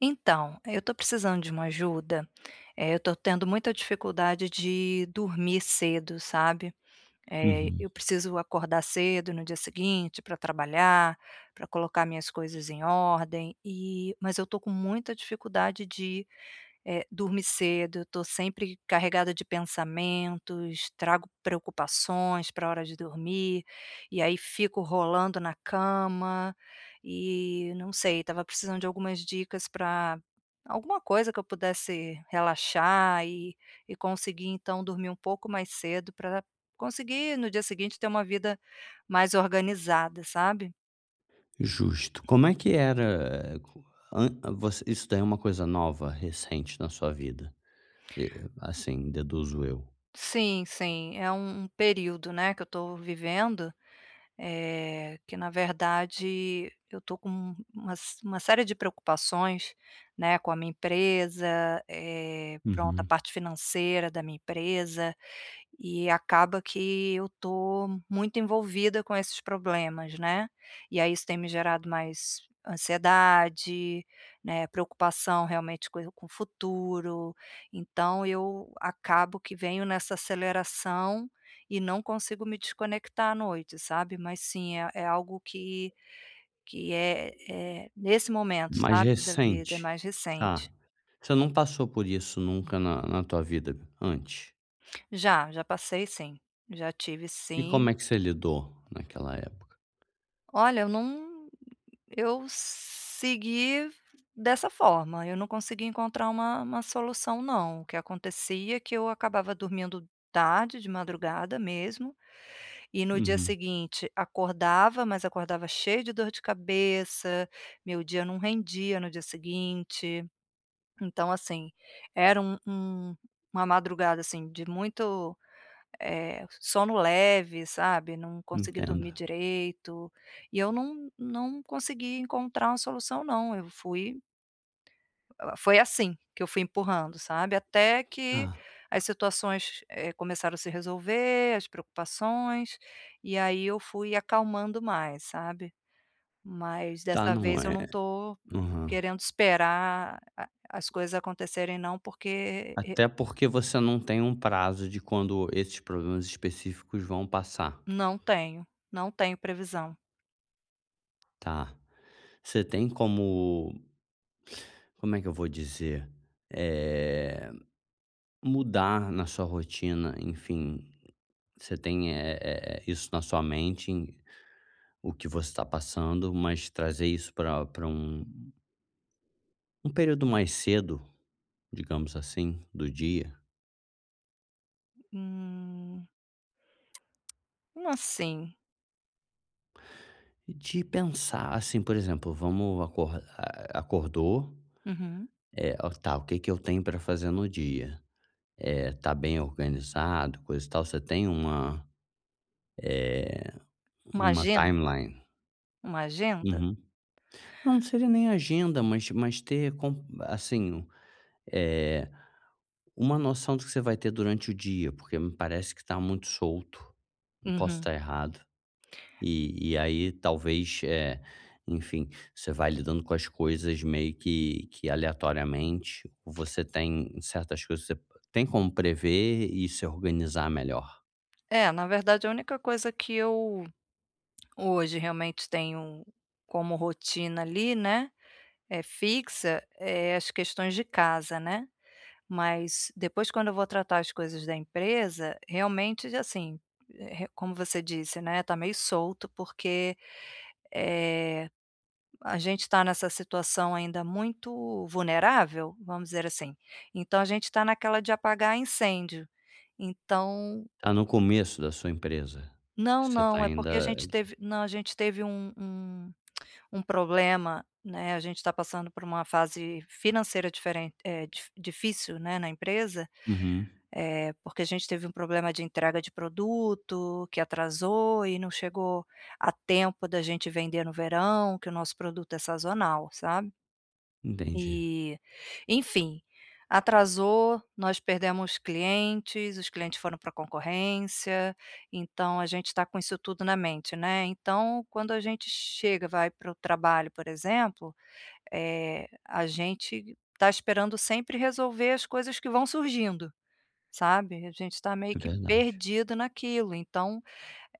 Então, eu estou precisando de uma ajuda, eh, eu tô tendo muita dificuldade de dormir cedo, sabe. Eh, Uhum. eu preciso acordar cedo no dia seguinte pra trabalhar, pra colocar minhas coisas em ordem, e mas eu estou com muita dificuldade de, eh, dormir cedo, eu estou sempre carregada de pensamentos, trago preocupações pra hora de dormir, e aí fico rolando na cama, e não sei, estava precisando de algumas dicas pra alguma coisa que eu pudesse relaxar e e conseguir então dormir um pouco mais cedo pra conseguir no dia seguinte ter uma vida mais organizada, sabe? Justo. Como é que era an isso daí é uma coisa nova recente na sua vida? E e assim deduzo eu. Sim, sim, é um período, né, que eu tô vivendo, eh, que na verdade eu estou com umas uma série de preocupações, né, com a minha empresa, eh, pronto, a Uhum. parte financeira da minha empresa, e acaba que eu estou muito envolvida com esses problemas, né? E aí isso tem me gerado mais ansiedade, né, preocupação realmente com com o futuro, então eu acabo que venho nessa aceleração e não consigo me desconectar à noite, sabe? Mas sim é é algo que que é é nesse momento, Mais sabe, da vida é recente, mais ah, recente. você não passou por isso nunca na na tua vida antes? Já, já passei sim. Já tive E como sim. é que você lidou? Naquela época? Olha eu não, eu segui dessa forma, eu não consegui encontrar uma uma solução não. O que acontecia é que eu acabava dormindo tarde, de madrugada mesmo, e no dia Uhum. seguinte acordava, mas acordava cheio de dor de cabeça, meu dia não rendia no dia seguinte. Então, assim, era um um uma madrugada, assim, de muito, eh, sono leve, sabe? Não consegui Entendo. dormir direito, e eu não não consegui encontrar uma solução, não. Eu fui Ela foi assim, que eu fui empurrando, sabe? Até que Hã. as situações, eh, começaram a se resolver, as preocupações. E aí, eu fui acalmando mais, sabe? Mas Já dessa não vez, eu é. não tô Aham. querendo esperar a as coisas acontecerem não porque e Até porque você não tem um prazo de quando esses problemas específicos vão passar. Não tenho. Não tenho previsão. Tá. Você tem como como é que eu vou dizer? Eh, mudar na sua rotina, enfim, você tem é é é isso na sua mente, em o que você tá passando, mas trazer isso pra pra um um período mais cedo, digamos assim, do dia. Hum. Assim. De pensar assim, por exemplo, vamos acordar, eh, acordou, Uhum. eh, o tá, o que que eu tenho para fazer no dia? Eh, tá bem organizado, coisa e tal, você tem uma, eh, Uma uma agenda? timeline? Uma agenda? Uhum. Não, não seria nem agenda, mas mas ter con assim, eh, uma noção do que você vai ter durante o dia, porque me parece que tá muito solto, posso Uhum. estar errado. E e aí talvez, eh, enfim, você vai lidando com as coisas meio que que aleatoriamente, você tem certas coisas se tem como prever e se organizar melhor. É, na verdade a única coisa que eu hoje realmente tenho como rotina, ali, né, é fixa, eh, as questões de casa, né, mas depois quando eu vou tratar as coisas da empresa, realmente já, assim, re como você disse, né, tá meio solto porque, eh, a gente tá nessa situação ainda muito vulnerável, vamos dizer assim, então a gente tá naquela de apagar incêndio. Então Tá no começo da sua empresa? Não, Você está não, é porque a ainda gente d teve não, a gente teve um um um problema, né. A gente tá passando por uma fase financeira diferente, eh, di difícil, né, na empresa, Uhum. eh, porque a gente teve um problema de entrega de produto, que atrasou, e não chegou a tempo da gente vender no verão, que o nosso produto é sazonal, sabe? Entendi. E, enfim, atrasou, nós perdemos clientes, os clientes foram pra concorrência, então a gente tá com isso tudo na mente, né, então quando a gente chega, vai para o trabalho, por exemplo, eh, a gente tá esperando sempre resolver as coisas que vão surgindo, sabe. A gente está meio É que verdade. perdido naquilo, então,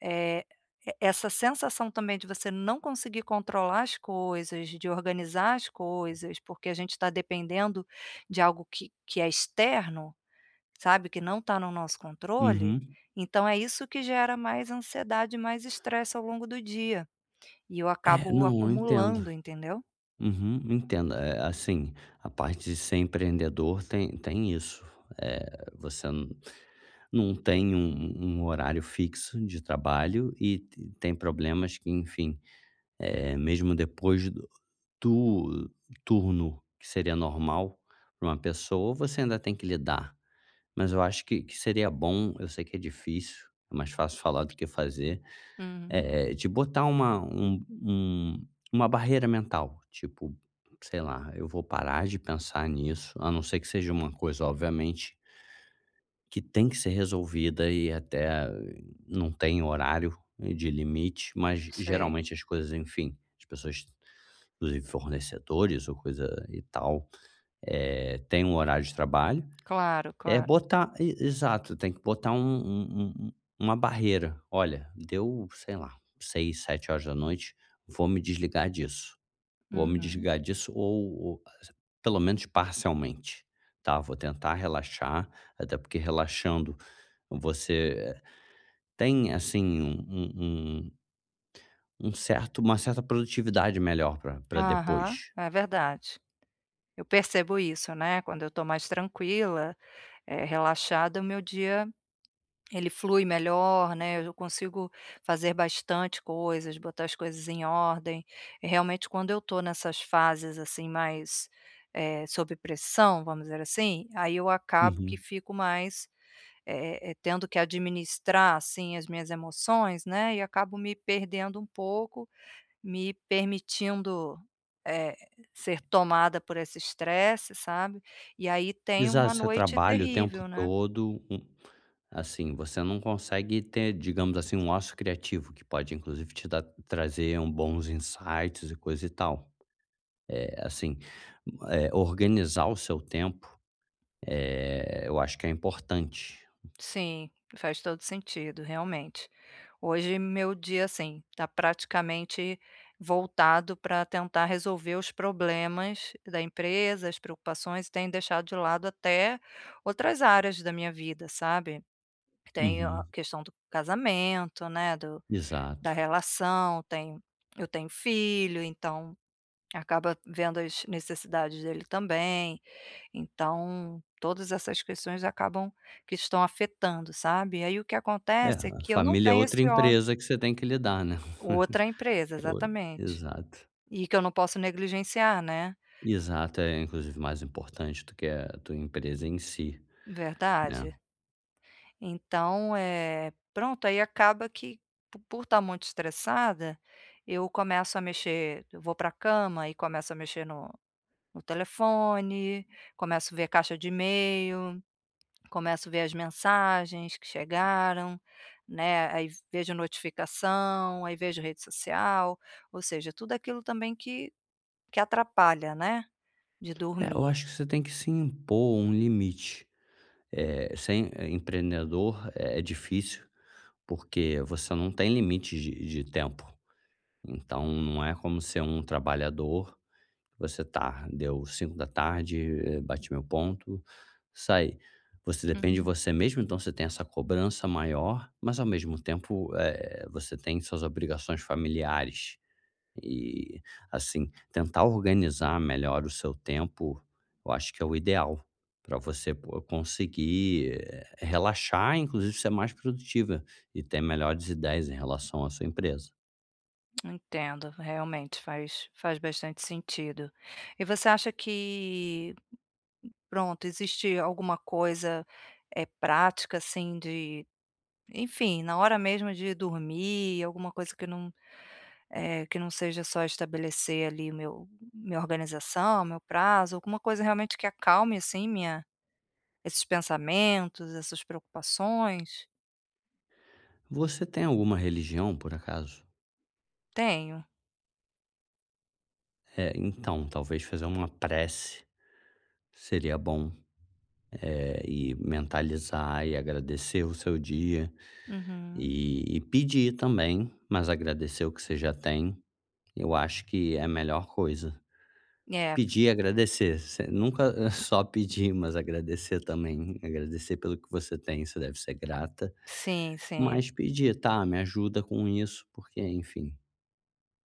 eh, e essa sensação também, de você não conseguir controlar as coisas, de organizar as coisas, porque a gente tá dependendo de algo que que é externo, sabe, que não está no nosso controle, Uhum. então é isso que gera mais ansiedade e mais estresse ao longo do dia. E eu É, acabo não, eu entendo. acumulando entendeu? Uhum, entendo. É é, assim, a parte de ser empreendedor tem tem isso. Eh, você nu não tem um um um horário fixo de trabalho e t tem problemas que, enfim, eh, mesmo depois do tur turno que seria normal pra uma pessoa, você ainda tem que lidar. Mas eu acho que que seria bom, eu sei que é difícil, é mais fácil falar do que fazer, Hum. eh, de botar uma um um uma barreira mental, tipo, sei lá, eu vou parar de pensar nisso, a não ser que seja uma coisa obviamente que tem que ser resolvida, e até, não tem horário de limite, mas ge Sei. geralmente as coisas, enfim, as pessoas, inclusive fornecedores ou coisa e tal, eh, têm um horário de trabalho. Claro, É claro. botar, e exato, tem que botar um um um u uma barreira. Olha, deu sei lá, 06:00, 19:00, vou me desligar disso. Vou me Uhum. desligar disso ou ou [unintelligible] pelo menos parcialmente, tá. Vou tentar relaxar, até porque relaxando, você tem, assim, um um um um certo uma certa produtividade melhor pra pra Aham, depois. é verdade. Eu percebo isso, né, quando eu estou mais tranquila, eh, relaxada, o meu dia ele flui melhor, né, eu consigo fazer bastante coisas, botar as coisas em ordem, e realmente quando eu tô nessas fases, assim, mais, eh, sob pressão, vamos dizer assim, aí eu acabo que Uhum. fico mais, eh eh, tendo que administrar, assim, as minhas emoções, né, e acabo me perdendo um pouco, me permitindo, eh, ser tomada por esse estresse, sabe. E aí tenho uma Exato, você noite trabalha o tempo terrível, né? todo um assim, você não consegue ter, digamos assim, um ócio criativo que pode inclusive te dar trazer um bons insights e coisa e tal. Eh, assim, eh, organizar o seu tempo, eh, eu acho que é importante. Sim, faz todo o sentido, realmente. Hoje meu dia, assim, tá praticamente voltado pra tentar resolver os problemas da empresa, as preocupações, e tenho deixado de lado até outras áreas da minha vida, sabe. Tenho a Uhum. questão do casamento, né, do da Exato. relação, tenho eu tenho filho então, acaba vendo as necessidades dele também. Então todas essas questões acabam que estão afetando, sabe. Aí o que É, acontece é a que eu não família é tenho outra esse ócio. empresa que você tem que lidar, né. Outra empresa, É o exatamente. exato. E que eu não posso negligenciar, né? Exato, é inclusive mais importante do que a tua empresa em si, né? Verdade. Então, eh, pronto, aí acaba que po por estar muito estressada, eu começo a mexer eu vou pra cama e começo a mexer no no telefone, começo ver a caixa de e-mail, começo ver as mensagens que chegaram, né, aí vejo notificação, aí vejo rede social, ou seja, tudo aquilo também que que atrapalha, né, de É, eu dormir. acho que você tem que se impor um limite. Eh, ser, eh, empreendedor é difícil, porque você não tem limite de de tempo. Então, não é como ser um trabalhador. Você tá, deu 17:00, bati meu ponto e saí. Você depende de Uhum. você mesmo, então você tem essa cobrança maior, mas ao mesmo tempo, eh, você tem suas obrigações familiares. E, assim, tentar organizar melhor o seu tempo, eu acho que é o ideal, pra você co conseguir, eh, relaxar, e inclusive ser mais produtiva, e ter melhores ideias em relação à sua empresa. Entendo, realmente faz faz bastante sentido. E você acha que pronto, existe alguma coisa, eh, prática assim de, enfim, na hora mesmo de dormir, alguma coisa que eu não eh, que não seja só estabelecer ali meu minha organização, meu prazo, alguma coisa realmente que acalme assim minha esses pensamentos, essas preocupações? Você tem alguma religião, por acaso? Tenho. É, então talvez fazer uma prece seria bom, eh, e mentalizar e agradecer o seu dia. Uhum. E e pedir também, mas agradecer o que você já tem, eu acho que é a melhor coisa. É. Pedir, agradecer, você nunca eh, só pedir, mas agradecer também, agradecer pelo que você tem, você deve ser grata. Sim, sim. Mas pedir: tá, me ajuda com isso, porque, enfim,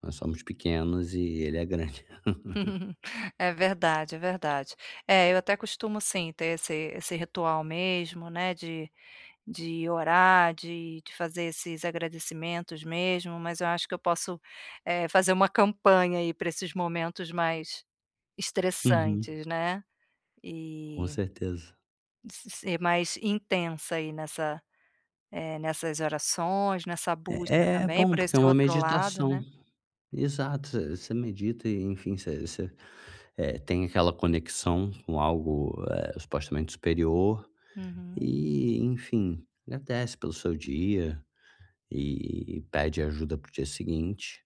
nós somos pequenos e ele é grande. É verdade, é verdade. É, eu até costumo sim, ter esse esse ritual mesmo, né, de de orar, de de fazer esses agradecimentos mesmo, mas eu acho que eu posso, eh, fazer uma campanha aí para esses momentos mais Uhum. estressantes, né. Com E certeza. se ser mais intensa aí nessa eh, nessas orações, nessa É é busca é também bom por porque é esse uma outro lado, meditação. né. Exato. Você você medita e, enfim, você você, eh, tem aquela conexão com algo, eh, supostamente superior Uhum. e, enfim, agradece pelo seu dia e pede ajuda para o dia seguinte.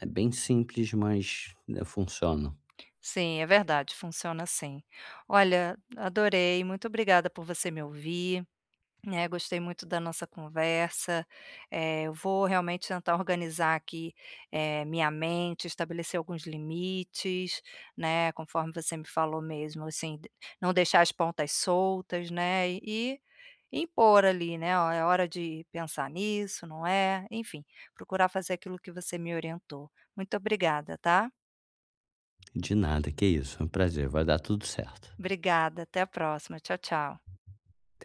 É bem simples, mas, né, funciona. Sim, é verdade, funciona sim. Olha, adorei, muito obrigada por você me ouvir, né. Gostei muito da nossa conversa, eh, eu vou realmente tentar organizar aqui, eh, minha mente, estabelecer alguns limites, né. Conforme você me falou mesmo, assim, d não deixar as pontas soltas, né, e impor ali, né: Ó, é hora de pensar nisso, não é. Enfim, procurar fazer aquilo que você me orientou. Muito obrigada, tá. De nada, que é isso, é um prazer. Vai dar tudo certo. Obrigada, até a próxima. Tchau tchau. Até.